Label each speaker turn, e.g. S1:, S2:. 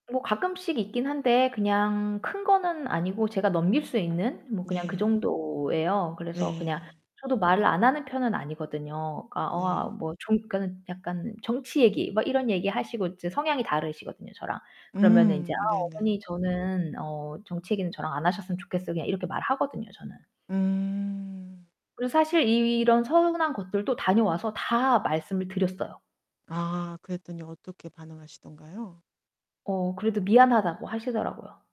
S1: 뭐 가끔씩 있긴 한데 그냥 큰 거는 아니고 제가 넘길 수 있는? 뭐 그냥 그
S2: 네.
S1: 정도예요. 그래서 그냥
S2: 네.
S1: 저도 말을 안 하는 편은 아니거든요. 그니까 어 아
S2: 네.
S1: 뭐 좀 그러니까는 약간 정치 얘기 막 이런 얘기 하시고 이제 성향이 다르시거든요, 저랑. 그러면은 인제 "아
S2: 음, 네네.
S1: 어머니 저는 어 정치 얘기는 저랑 안 하셨으면 좋겠어요." 그냥 이렇게 말하거든요, 저는.
S2: 음.
S1: 그리고 사실 이런 서운한 것들도 다녀와서 다 말씀을 드렸어요.
S2: 아, 그랬더니 어떻게 반응하시던가요?
S1: 어 그래도 미안하다고 하시더라고요.